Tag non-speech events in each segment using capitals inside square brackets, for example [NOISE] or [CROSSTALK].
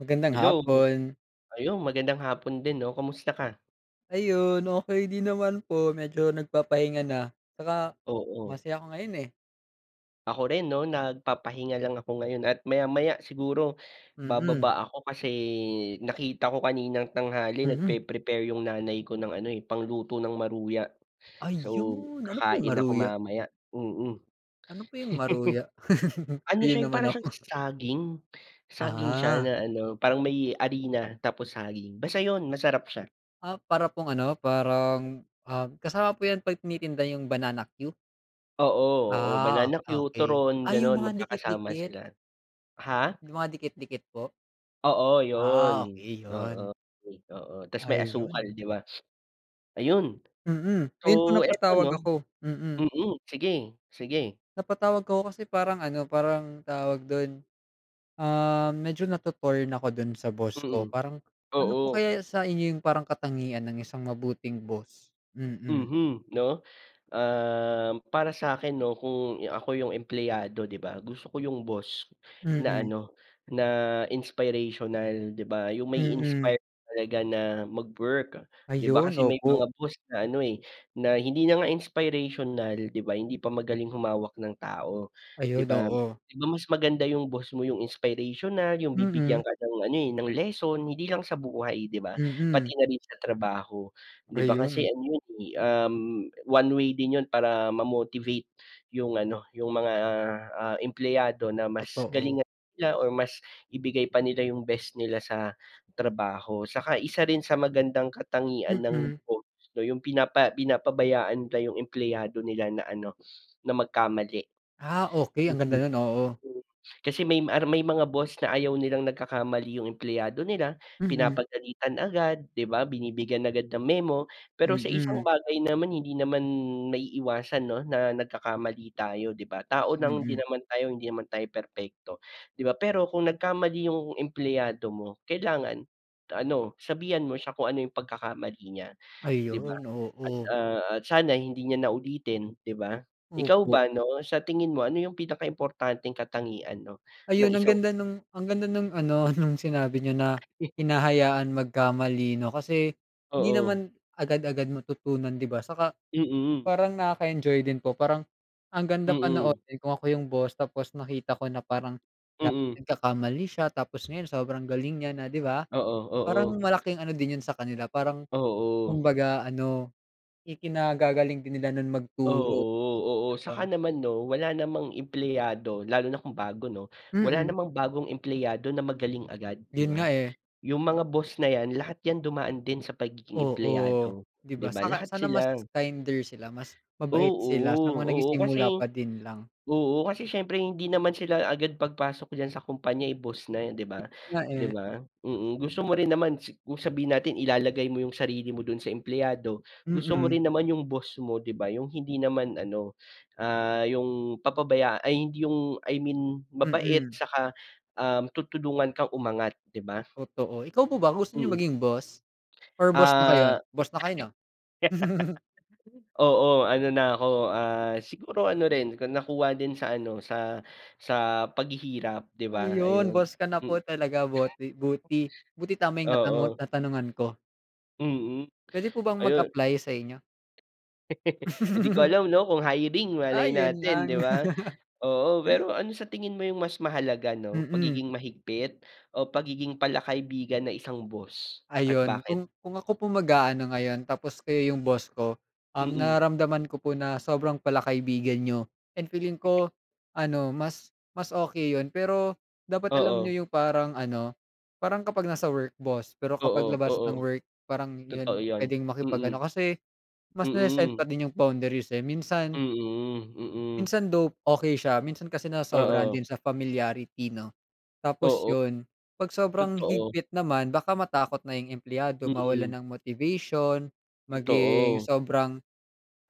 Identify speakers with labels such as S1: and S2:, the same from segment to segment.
S1: Magandang
S2: Hello.
S1: hapon.
S2: Ayun magandang hapon din 'no, kamusta ka?
S1: Ayun, okey din naman po. Medyo nagpapahinga na. Tsaka,
S2: Oo.
S1: masaya ako ngayon, eh.
S2: Ako rin 'no? Nagpapahinga lang ako ngayon, at maya-maya siguro
S1: Mm.
S2: bababa ako. Kasi nakita ko kaninang tanghali
S1: Mhm.
S2: nagpre -prepare yung nanay ko ng ano, eh, pangluto ng maruya. So
S1: Ayun. Ano po yung
S2: kakain ako
S1: maruya?
S2: mamaya, mm. [CHUCKLES]
S1: Ano po yung maruya? [CHUCKLES]
S2: Ano
S1: yun
S2: siya
S1: naman
S2: para siyang
S1: ako.
S2: saging, saging siya
S1: Ah.
S2: na ano, parang may harina, tapos saging. Basta yun, masarap siya.
S1: Ah, para pong ano parang, ah, kasama po yan 'pag tinitinda yung banana cue?
S2: Oo, oo,
S1: Ah,
S2: banana cue,
S1: okey,
S2: turon
S1: ay
S2: ganun,
S1: yung mga
S2: magkakasama
S1: dikit-dikit.
S2: sila. Ha?
S1: Yung mga dikit-dikit po?
S2: Oo yun,
S1: Ah, okay
S2: oo,
S1: yun.
S2: oo, tas may asukal
S1: Ayun.
S2: 'di ba? [SNIFFS] Ayun
S1: Hmm,
S2: so
S1: ayun po
S2: 'eto
S1: napatawag
S2: no?
S1: ako, hmm.
S2: Hmm. Sige, sige.
S1: Napatawag 'ko kasi, parang ano, parang tawag dun, um, medyo nato-torn ako dun sa boss ko,
S2: Hmm,
S1: parang ano po
S2: oo.
S1: kaya sa inyo, yung parang katangian ng isang mabuting boss, mm.
S2: Mm, no, ah, para sakin 'no kung ako yung empleyado 'di ba? Gusto ko yung boss na
S1: Mm.
S2: ano, na inspirational 'di ba? Yung
S1: Hmm.
S2: mai-inspire talaga na mag work. Di ba,
S1: Ayun,
S2: kasi may
S1: opo.
S2: mga boss na ano, eh, na hindi na nga inspirational, 'di ba, hindi pa magaling humawak ng tao, 'di
S1: Ayun,
S2: ba?
S1: oo.
S2: Di ba mas maganda yung boss mo, yung inspirational. Yung
S1: Hmm.
S2: bibigyan ka ng ano, eh, ng lesson. Hindi lang sa buhay 'di ba,
S1: Mm.
S2: pati na rin sa trabaho 'di ba? Kasi
S1: Ayun.
S2: ano yun, eh, um, one way din yun para ma-motivate yung ano, yung mga, ah, empleyado na mas
S1: Totoo.
S2: galingan nila or mas ibigay pa nila yung best nila sa trabaho. Saka isa rin sa magandang katangian ng
S1: Mm.
S2: boss 'no, yung pinapa pinapabayaan nila yung empleyado nila na ano, na magkamali.
S1: Ah, okay ang ganda
S2: Oo,
S1: nun oo.
S2: mm. Kasi may may mga boss na ayaw nilang nagkakamali yung empleyado nila,
S1: Mm.
S2: pinapagalitan agad 'di ba? Binibigyan agad ng memo. Pero sa isang
S1: Hmm.
S2: bagay naman, hindi naman maiiwasan 'no, na nagkakamali tayo, 'di ba? Tao lang
S1: Hmm.
S2: hindi naman tayo, hindi naman tayo perpekto, 'di ba? Pero, kung nagkamali yung empleyado mo kailangan, ano sabihan mo siya kung ano yung pagkakamali niya, 'di ba?
S1: Ayun,
S2: At,
S1: oo.
S2: ah, at sana hindi niya naulitin 'di ba? Ikaw
S1: Opo.
S2: ba ano sa tingin mo, ano yung pinaka-importanteng katangian 'no ng
S1: Ayun, ang
S2: isang
S1: ganda nung, ang ganda nung ano, nung sinabi niyo, na
S2: [CHUCKLES]
S1: hinahayaan magkamali, 'no? Kasi, hindi
S2: Oo.
S1: naman agad-agad matutunan, 'di ba? Saka
S2: Mm.
S1: parang nakaka-enjoy din po. Parang ang ganda
S2: Mm.
S1: panoorin kung ako yung boss, tapos nakita ko na parang
S2: Mm.
S1: nagkakamali siya, tapos ngayon sobrang galing niya na, 'di ba?
S2: Oo,
S1: Parang
S2: oo.
S1: malaking ano din yun sa kanila, parang
S2: Oo.
S1: kumbaga ano, ikinagagaling din nila nun magturo 'di
S2: Oo, oo saka
S1: ba?
S2: naman 'no, wala namang empleyado lalo na kung bago 'no, wala
S1: Mm.
S2: namang bagong empleyado na magaling agad, 'di
S1: Yun nga
S2: ba?
S1: eh.
S2: Yung mga boss na yan, lahat yan dumaan din sa pagiging
S1: Oo,
S2: empleyado
S1: 'di
S2: 'di
S1: ba?
S2: ba,
S1: Tsaka
S2: lahat
S1: sana mas
S2: sila.
S1: kinder sila. Mas mabait
S2: Oo,
S1: sila sa mga
S2: oo, kasi
S1: nagsisimula pa din lang.
S2: oo, kasi syempre hindi naman sila agad pagpasok diyan sa kompanya ay boss na yan 'di ba,
S1: Nga
S2: di
S1: eh.
S2: ba? Mm, gusto mo rin naman sa sabihin natin ilalagay mo yung sarili mo dun sa empleyado, gusto mo
S1: Hmm.
S2: rin naman yung boss mo 'di ba, yung hindi naman ano, ah, yung papabaya ay 'di yung I mean mabait
S1: Hmm.
S2: 'tsaka, ah, tutulungan kang umangat, 'di ba?
S1: Totoo, ikaw po ba gusto niyo
S2: Hmm.
S1: maging boss? Or boss na kayo.
S2: Ah.
S1: Boss na kayo, 'no? [CHUCKLES]
S2: [GIGGLES] Oo, ano na ako, ah, siguro ano rin, nakuha din sa ano, sa sa paghihirap, 'di ba?
S1: Ayun,
S2: Ayun.
S1: boss ka na po
S2: [CHUCKLES]
S1: talaga. Boti buti buti tama yung natango
S2: Oo.
S1: natanungan ko.
S2: Mhm,
S1: Puwede po bang
S2: ayun.
S1: mag-apply sa inyo?
S2: [LAUGHS] Hindi ko
S1: [GIGGLES]
S2: alam, 'no, kung hiring,
S1: Ah,
S2: malay
S1: ayun
S2: natin, di
S1: lang.
S2: ba?
S1: [LAUGHS]
S2: Oo. Pero ano sa tingin mo 'yung mas mahalaga, 'no,
S1: Mm.
S2: pagiging mahigpit o pagiging palakaibigan ng isang boss? At
S1: Ayun,
S2: bakit?
S1: kung kung ako po ang mag-a-ano ngayon, tapos kayo 'yung boss ko, um,
S2: Mm.
S1: nararamdaman ko po na sobrang palakaibigan niyo, and feeling ko, ano, mas mas okey yun. Pero dapat alam
S2: Oo.
S1: niyo 'yung parang ano, parang kapag nasa work, boss, pero kapag
S2: Oo,
S1: labas
S2: oo.
S1: ng work, parang
S2: Totoo
S1: iyon
S2: yon,
S1: puwedeng makipag-ano
S2: mm.
S1: kasi mas nase-set
S2: Mm.
S1: pa din 'yung boundaries eh, minsan
S2: Mhm, mm.
S1: Minsan, though, okey siya, minsan kasi nasobrahan
S2: Oo.
S1: din sa familiarity, 'no. Tapos
S2: Oo.
S1: ’yon, 'pag sobrang
S2: Totoo.
S1: higpit naman, baka matakot na ’yung empleyado
S2: Mhm.
S1: mawalan ng motivation, maging
S2: Totoo.
S1: sobrang,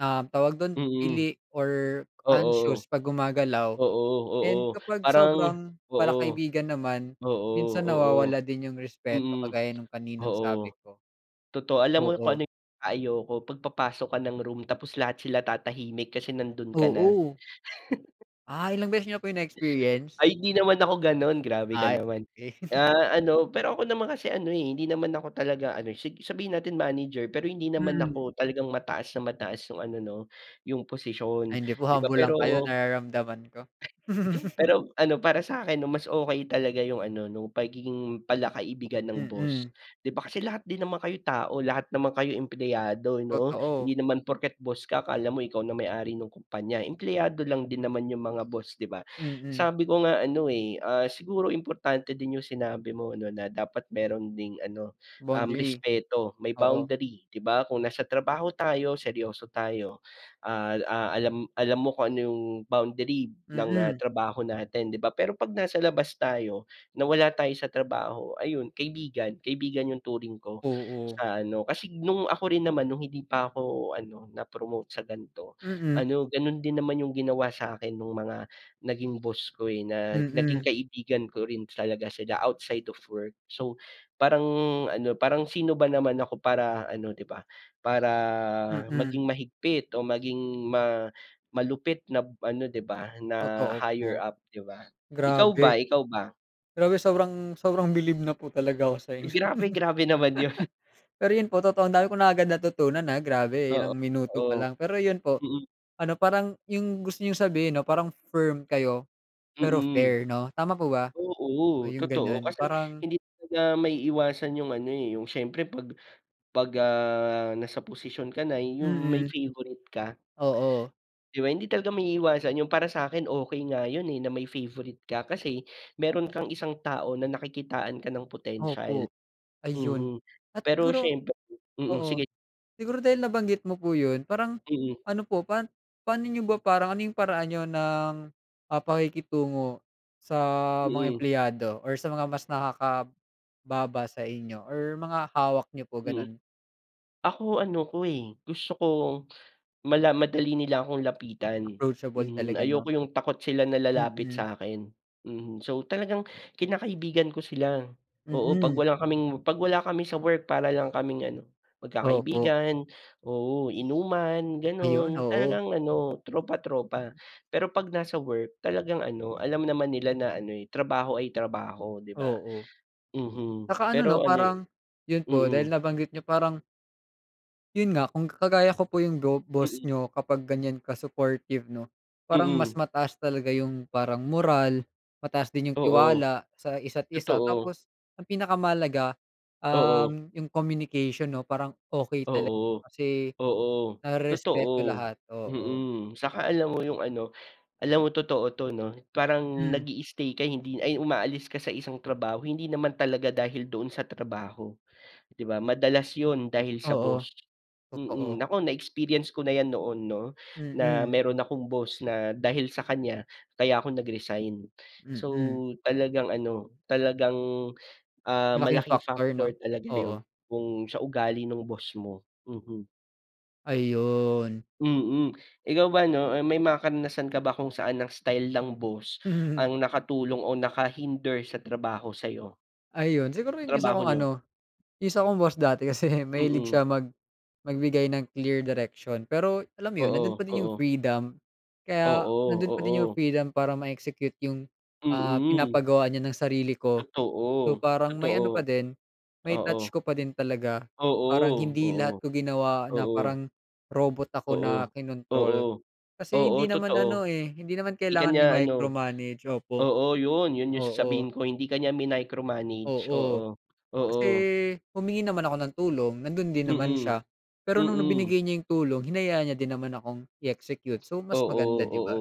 S1: um, tawag don,
S2: Mm.
S1: pili or
S2: Oo.
S1: anxious 'pag gumagalaw,
S2: Oo,
S1: and
S2: oo,
S1: kapag
S2: parang
S1: sobrang pala
S2: oo.
S1: kaibigan naman,
S2: Oo,
S1: minsan
S2: oo.
S1: nawawala din ’yung respeto,
S2: Mm.
S1: kagaya ng kaninang sabi
S2: Oo,
S1: ko.
S2: totoo, alam mo kung
S1: Oo.
S2: ano 'yung pinaka ayoko pagpapasok ka ng room, tapos lahat sila tatahimik kasi nandun ka na.
S1: Oo.
S2: [CHUCKLES]
S1: Ah, ilang beses niyo po yun na experience?
S2: Ay hindi naman ako ganon, grabe ka
S1: Ay,
S2: naman.
S1: eh. [CHUCKLES]
S2: Ah, ano pero ako naman kasi ano, eh, hindi naman ako talaga ano sabihin natin manager, pero hindi naman
S1: Mhm.
S2: ako talagang mataas na mataas yung ano no, yung posisyon
S1: Ay hindi po
S2: di ba,
S1: humble lang
S2: pero
S1: kayo nararamdaman ko. [CHUCKLES]
S2: Pero ano para sakin mas okay talaga yung ano nung pagiging pala-kaibigan ng
S1: Mm.
S2: boss. Di ba kasi lahat din naman kayo tao, lahat naman kayo empleyado no,
S1: Totoo.
S2: hindi naman porket boss ka akala mo ikaw na may ari ng kompanya, empleyado lang din naman yung mga boss di ba.
S1: Mhm.
S2: Sabi ko nga ano, eh, ah, siguro importante din yung sinabi mo ano na dapat meron ding ano, um,
S1: Boundary?
S2: respeto, may
S1: Oo.
S2: boundary di ba kung nasa trabaho tayo seryoso tayo. Ah ah, alam alam, mo kung ano yung boundary ng
S1: Mm.
S2: trabaho natin di ba? Pero pag nasa labas tayo, na wala tayo sa trabaho, ayun kaibigan kaibigan yung turing ko
S1: Oo.
S2: sa ano, kasi nung ako rin naman nung hindi pa ako ano na promote sa ganito
S1: Mm.
S2: ano ganon din naman yung ginawa sakin nung mga, naging boss ko, eh, na naging
S1: Mm.
S2: kaibigan ko rin talaga sila outside of work. So parang ano parang sino ba naman ako para ano di ba, para
S1: Mm.
S2: maging mahigpit o maging ma malupit na ano di ba na
S1: Totoo po,
S2: higher up di ba ikaw
S1: grabe.
S2: ba, ikaw ba?
S1: Grabe, sobrang sobrang bilib na po talaga ako sa inyo.
S2: Grabe, grabe naman yun.
S1: [CHUCKLES] Pero yun po totoong dami kong na agad natutunan na grabe
S2: Oo,
S1: ilang minuto pa
S2: oo,
S1: lang. Pero yun po,
S2: mm.
S1: ano parang yung gusto niyong sabihin ano parang firm kayo pero
S2: Mm.
S1: fair no tama po ba? Oh,
S2: Oo
S1: yung
S2: totoo
S1: ganyan
S2: kasi
S1: parang
S2: hindi talaga maiiwasan yung ano, eh, yung syempre 'pag 'pag, ah, nasa posisyon ka na yung may
S1: Mm.
S2: favorite ka.
S1: Oo.
S2: Di ba hindi talaga maiiwasan yung para sakin okay nga yun, eh, na may favorite ka, kasi meron kang isang tao na nakikitaan ka ng potensyal.
S1: Opo, ayun
S2: Mhm,
S1: at
S2: pero
S1: siguro
S2: syempre, mm,
S1: oo,
S2: sige
S1: siguro dahil nabanggit mo po yun, parang
S2: Mm.
S1: ano po pan, pano niyo ba parang ano yung paraan niyo ng mga pakikitungo sa mga
S2: Mm.
S1: empleyado or sa mga mas nakakababa sa inyo or mga hawak niyo po
S2: Mm,
S1: ganon?
S2: ako ano ko, eh, gusto ko mala madali nila akong lapitan.
S1: Approachable
S2: Mhm,
S1: talaga no?
S2: ayoko yung takot sila na lalapit
S1: Mm.
S2: sakin, mhm, so talagang kinakaibigan ko sila oo pag
S1: Mm.
S2: wala kaming pag wala kami sa work para lang kaming ano
S1: Opo.
S2: magkakaibigan, oo inuman,
S1: Ayun,
S2: ganon
S1: oo.
S2: talagang ano tropa tropa. Pero pag nasa work talagang ano alam naman nila na ano trabaho ay trabaho di ba,
S1: Oo,
S2: mhm,
S1: tsaka ano
S2: pero
S1: no,
S2: ano
S1: parang yun po dahil
S2: mm.
S1: nabanggit niyo, parang Yun nga, kung kagaya ko po yung go boss
S2: Mm.
S1: niyo, kapag ganyan ka-supportive 'no, parang mas
S2: Mm.
S1: mataas talaga yung parang moral, mataas din yung
S2: Oo.
S1: tiwala sa isa't isa
S2: Totoo.
S1: tapos ang pinakamahalaga,
S2: Oo.
S1: um, yung communication 'no. Parang okey talaga
S2: Oo.
S1: kasi,
S2: Oo.
S1: narerespeto
S2: Totoo.
S1: lahat. Oo.
S2: Mm. Saka alam mo yung ano alam mo totoo 'to 'no. Parang
S1: Hmm.
S2: nag-i-stay ka hindi ay, umaalis ka sa isang trabaho, hindi naman talaga dahil doon sa trabaho, di, ba? Madalas yun dahil sa
S1: Oo.
S2: boss. Mm.
S1: Totoo.
S2: Naku, na-experience ko na 'yan noon 'no na
S1: Mm.
S2: meron akong boss na dahil sa kanya, kaya ako nag-resign. So
S1: Mm.
S2: talagang ano, talagang, ah,
S1: Malaking
S2: malaking
S1: factor 'no?
S2: factor talaga yun
S1: Oo.
S2: kung sa ugali ng boss mo, mhm.
S1: Ayun.
S2: Mm. Ikaw ba 'no, eh, may mga karanasan ka ba kung saan ang style ng boss
S1: Mhm.
S2: ang nakatulong o nakahinder sa trabaho sa'yo?
S1: Ayun. Siguro
S2: Sa
S1: yung isa
S2: trabaho
S1: kong
S2: niyo.
S1: ano, yung isa kong boss dati kasi mahilig
S2: Mm.
S1: siya mag magbigay ng clear direction pero alam mo yun, nando'n
S2: Oo,
S1: pa din yung
S2: oo.
S1: freedom. Kaya
S2: Oo,
S1: nando'n pa din yung
S2: oo.
S1: freedom para ma-execute yung, ah,
S2: Mm.
S1: pinapagawa niya ng sarili ko. So,
S2: Totoo,
S1: parang may ano pa
S2: totoo.
S1: din, may
S2: Oo.
S1: touch ko pa din talaga.
S2: Oo,
S1: Parang hindi lahat
S2: oo.
S1: ko ginawa na
S2: Oo.
S1: parang robot ako
S2: Oo.
S1: na
S2: Oo.
S1: kinontrol. Kasi
S2: Oo,
S1: hindi naman ano
S2: totoo.
S1: eh, hindi naman
S2: 'Di ka
S1: kailangan
S2: niya ano
S1: i-micromanage, opo.
S2: oo yun, yun yung
S1: Oo.
S2: sasabihin ko, hindi ka niya minicromanage.
S1: Oo.
S2: Oo,
S1: Kasi,
S2: oo.
S1: humingi naman ako ng tulong, nando'n din naman
S2: Mm.
S1: siya. Pero no'ng
S2: Mm.
S1: binigay niya yung tulong, hinayaan niya din naman akong i-execute, so mas
S2: Oo,
S1: maganda, 'di
S2: oo.
S1: ba?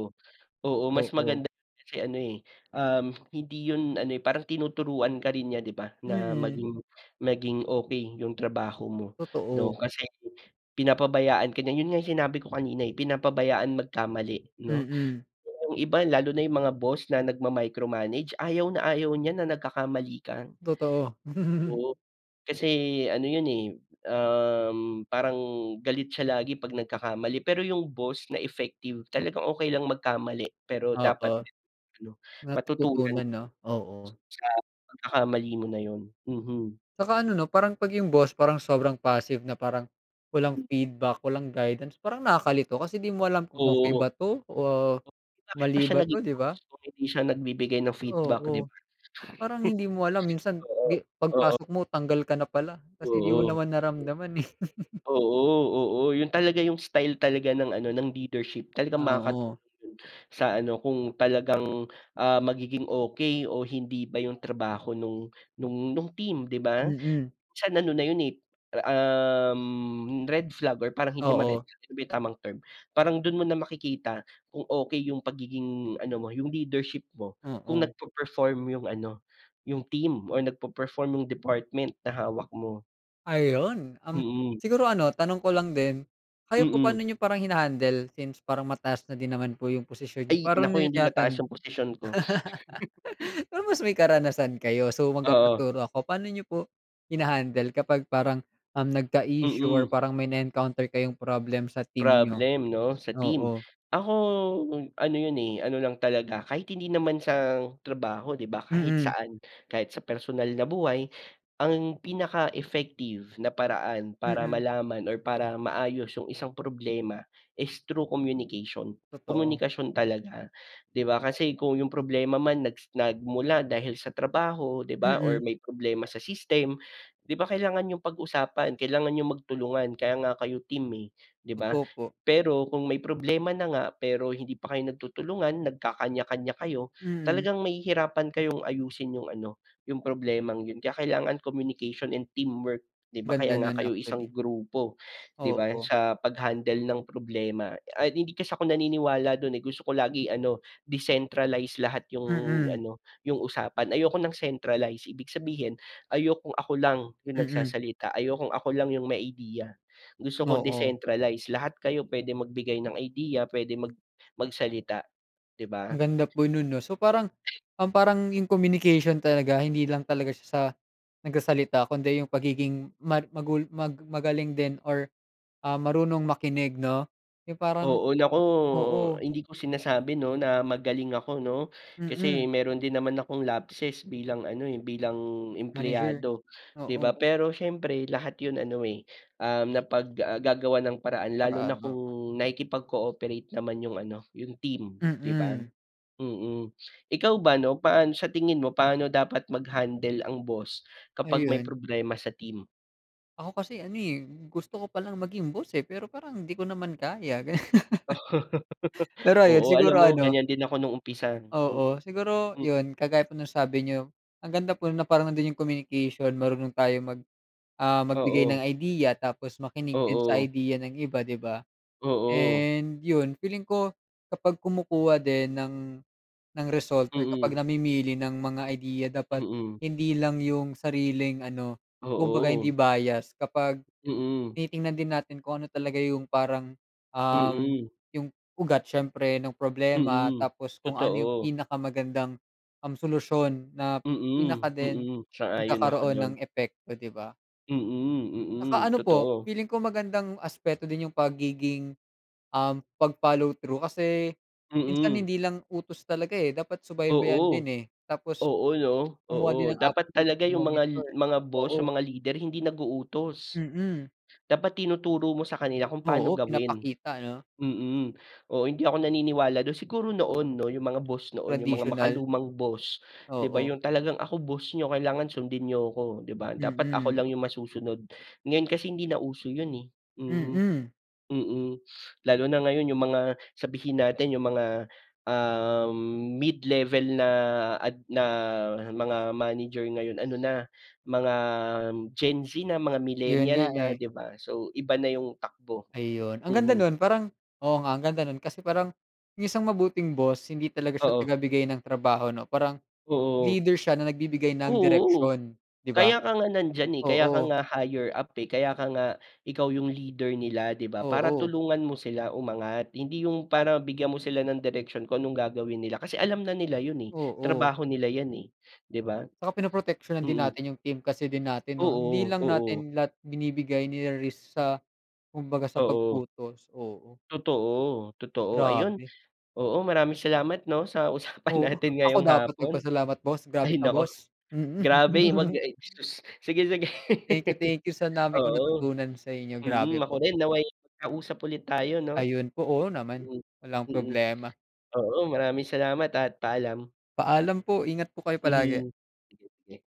S2: Oo, mas
S1: Oo.
S2: maganda kasi ano eh, um, hindi yun ano eh, parang tinuturuan ka rin niya, di ba? Na
S1: Mm.
S2: maging maging okey yung trabaho mo 'no
S1: Totoo.
S2: kasi pinapabayaan ka niya. Yun nga yung sinabi ko kanina eh, pinapabayaan magkamali 'no.
S1: Mm.
S2: Yung iba, lalo na yung mga boss na nagmamicromanage, ayaw na ayaw niya na nagkakamali ka.
S1: Totoo. [LAUGHS]
S2: Oo. Kasi ano yun eh, um, parang galit siya lagi 'pag nagkakamali, pero yung boss na effective, talagang okey lang magkamali pero
S1: Oo.
S2: dapat ano, matutunan.
S1: Natututunan 'no? Oo.
S2: Sa pagkakamali mo na yun, mhm.
S1: Tsaka ano 'no, parang 'pag yung boss, parang sobrang passive na parang walang
S2: Hmm.
S1: feedback, walang guidance. Parang nakakalito kasi 'di mo alam kung okey
S2: Oo.
S1: ba 'to o
S2: Bakit pa
S1: mali
S2: siya
S1: ba 'to,
S2: naging
S1: di ba?
S2: boss kung hindi siya nagbibigay ng feedback, 'di
S1: Oo.
S2: ba?
S1: Parang hindi mo alam
S2: [CHUCKLES]
S1: minsan
S2: Oo.
S1: di
S2: Oo.
S1: pagpasok mo, tanggal ka na pala kasi 'di mo
S2: Oo. Hmm.
S1: naman naramdaman eh. [LAUGHS]
S2: Oo, oo, yun talaga yung style talaga ng ano, ng leadership. Talagang
S1: Ah, oo.
S2: makakatulong yun sa ano, kung talagang, ah, magiging okey o hindi ba yung trabaho no'ng no'ng no'ng team, 'di ba?
S1: Mm.
S2: Minsan ano na yun eh, um, red flag or parang hindi naman red
S1: Oo.
S2: flag, ano ba yung tamang term? Parang do'n mo na makikita kung okey yung pagiging ano mo, yung leadership mo, kung
S1: Oo.
S2: nagpa-perform yung ano, yung team or nagpe-perform yung department na hawak mo.
S1: Ayun, um,
S2: Mm.
S1: siguro ano tanong ko lang din, kayo po
S2: Mm.
S1: paano niyo parang hinahandle since parang mataas na din naman po yung posisyon niyo,
S2: Ay
S1: para
S2: naku,
S1: niyo
S2: hindi mataas
S1: tinatan
S2: yung posisyon ko. [CHUCKLES]
S1: [LAUGHS] Pero may mas karanasan kayo so
S2: Oo.
S1: magpapaturo ako, paano niyo po hinahandle kapag parang, um, nagka-issue or
S2: Mm.
S1: parang may na-encounter kayong problem sa team niyo?
S2: Problem 'no, sa team.
S1: Oo.
S2: Ako ano 'yon, eh, ano lang talaga kahit hindi naman sa trabaho 'di ba kahit
S1: Mm.
S2: saan, kahit sa personal na buhay. Ang pinaka effective na paraan para
S1: Mm.
S2: malaman or para maayos yung isang problema is through communication.
S1: Totoo.
S2: Komunikasyon talaga, di ba kasi kung yung problema man nagsi nagmula dahil sa trabaho 'di ba
S1: Mm.
S2: or may problema sa system. 'Di ba kailangan niyong pag-usapan, kailangan niyong magtulungan kaya nga kayo team, eh, 'di ba?
S1: Totoo po.
S2: Pero kung may problema na nga pero hindi pa kayo nagtutulungan nagkakanya-kanya kayo,
S1: Mm.
S2: talagang mahihirapan kayong ayusin yung ano, yung problemang 'yon. Kaya kailangan communication and teamwork 'di ba? Kaya
S1: Ganda
S2: nga
S1: no'n
S2: kayo isang
S1: actually.
S2: grupo, di ba yung
S1: Oo.
S2: sa paghandle ng problema at hindi kasi ako naniniwala do'n ,eh, gusto ko lagi ano decentralize lahat yung
S1: Mm.
S2: ano yung usapan, ayoko ng centralize ibig sabihin, ayokong ako lang yung
S1: Mm.
S2: nagsasalita, ayokong ako lang yung may ideya, gusto ko
S1: Oo.
S2: decentralize lahat kayo puwede magbigay ng idea puwede mag mag salita 'di ba?
S1: Ang ganda po non 'no, so parang,
S2: [SNEEZES]
S1: um, parang yung communication talaga hindi lang talaga siya sa, nagsasalita kundi yung pagiging mag magul mag magaling din or, ah, marunong makinig 'no, yung parang
S2: Oo naku,
S1: oo.
S2: hindi ko sinasabi 'no, na magaling ako 'no,
S1: Mm.
S2: kasi mayro'n din naman akong lapses bilang ano, eh, bilang
S1: Manager,
S2: empleyado, 'di ba.
S1: oo
S2: Pero siyempre lahat 'yon ano, eh, um, napag ah, gagawa ng paraan lalo na
S1: Paraan, oo.
S2: kung nakikipag cooperate naman yung ano, yung team 'di ba?
S1: Mm.
S2: Mm, ikaw ba 'no paano sa tingin mo paano dapat maghandle ang boss, kapag may
S1: Ayun.
S2: problema sa team?
S1: Ako kasi ano, eh, gusto ko palang maging boss, eh, pero parang 'di ko naman kaya, gano'n.
S2: Oo.
S1: [LAUGHS]
S2: [LAUGHS]
S1: Pero ayun,
S2: Oo, alam
S1: siguro
S2: mo
S1: ano
S2: ganyan din ako nung umpisa. Hmm,
S1: Oo, siguro
S2: hmm.
S1: yun, kagaya po ng sabi niyo, ang ganda po na parang nando'n yung communication, marunong tayo mag, ah, magbigay
S2: Oo.
S1: ng idea, tapos makinig din sa
S2: Oo.
S1: idea ng iba, 'di ba.
S2: Oo.
S1: And yun, feeling ko kapag kumukuha din ng ng result or kapag
S2: Mm.
S1: namimili ng mga idea dapat
S2: Mm.
S1: hindi lang yung sariling ano, kumbaga hindi
S2: Oo.
S1: bias. Kapag
S2: Mm.
S1: tinitignan din natin kung ano talaga yung parang, um,
S2: Mm.
S1: yung ugat siyempre nung problema,
S2: Mm,
S1: tapos kung ano yung
S2: totoo.
S1: pinakamagandang, um, solusyon na
S2: Mm,
S1: pinaka din
S2: mm. Sang-ayon ako
S1: magkakaroon ng
S2: diyan.
S1: epekto, 'di ba?
S2: Mm,
S1: Tsaka
S2: mm,
S1: ano po,
S2: totoo.
S1: feeling ko magandang aspeto din yung pagiging, um, pag-follow through. Kasi minsan
S2: Mm.
S1: hindi lang utos talaga, eh, dapat subaybayan din,
S2: Oo.
S1: eh. Tapos
S2: Oo 'no,
S1: kumuha din
S2: oo.
S1: ng
S2: Dapat
S1: update,
S2: talaga yung mga
S1: i-monitor,
S2: mga boss,
S1: oo.
S2: yung mga leader hindi nag-uutos.
S1: Mm.
S2: Dapat tinuturo mo sa kanila kung pa'no
S1: Oo,
S2: gawin,
S1: pinapakita 'no.
S2: mm. Oo, hindi ako naniniwala do'n. Siguro noon 'no, yung mga boss noon, yung mga
S1: Traditional.
S2: makalumang boss 'di ba.
S1: Oo.
S2: Yung talagang, "Ako boss niyo, kailangan sundin niyo 'ko." 'Di ba. "Dapat ako
S1: Mm.
S2: lang yung masusunod." Ngayon kasi hindi na uso yun, eh. Mhm.
S1: Mm.
S2: Mm. [SNIFFS] Lalo na ngayon yung mga, sabihin natin yung mga, um, mid-level na ad na mga manager ngayon ano na, mga Gen Z na, mga
S1: Yun nga,
S2: millennial na,
S1: eh.
S2: 'di ba. So iba na yung takbo,
S1: Ayun, ang ganda
S2: mhm.
S1: no'n parang oo, nga ang ganda no'n kasi parang, yung isang mabuting boss hindi talaga siya
S2: Oo.
S1: tagabigay ng trabaho 'no. Parang
S2: Oo.
S1: leader siya na nagbibigay ng
S2: Oo,
S1: direksyon, di ba.
S2: kaya ka nga nandiyan, eh, kaya ka
S1: Oo.
S2: nga higher up, eh, kaya ka nga ikaw yung leader nila, 'di ba. Para
S1: Oo.
S2: tulungan mo sila umangat. Hindi yung para bigyan mo sila ng direksyon kung anong gagawin nila. Kasi alam na nila yun, eh,
S1: Oo.
S2: trabaho nila yan, eh, 'di ba.
S1: Tsaka pinoproteksyonan din
S2: Mm.
S1: natin yung team kasi din natin 'no. Hindi
S2: Oo,
S1: lang
S2: oo.
S1: natin lahat binibigay niri-risk sa kumbaga sa
S2: Oo.
S1: pag-utos, oo.
S2: Totoo, totoo. Ayun,
S1: Grabe.
S2: oo maraming salamat 'no, sa usapan
S1: Oo,
S2: natin
S1: ako
S2: ngayong
S1: dapat
S2: hapon.
S1: nagpasalamat boss,
S2: Ay
S1: grabe ka
S2: naku.
S1: boss. Mm.
S2: Grabe, 'wag
S1: [LAUGHS]
S2: ay, sus. Sige sige.
S1: Thank you, thank you sa
S2: [LAUGHS]
S1: dami kong
S2: Oo,
S1: natutunan sa inyo. Grabe
S2: mm. Ako
S1: po.
S2: rin, nawa'y magkausap ulit tayo 'no.
S1: Ayun po. Oo naman,
S2: Mm,
S1: walang
S2: mm.
S1: problema.
S2: Oo, maraming salamat at paalam.
S1: Paalam po. Ingat po kayo palagi.
S2: Mhm. [UNINTELLIGIBLE]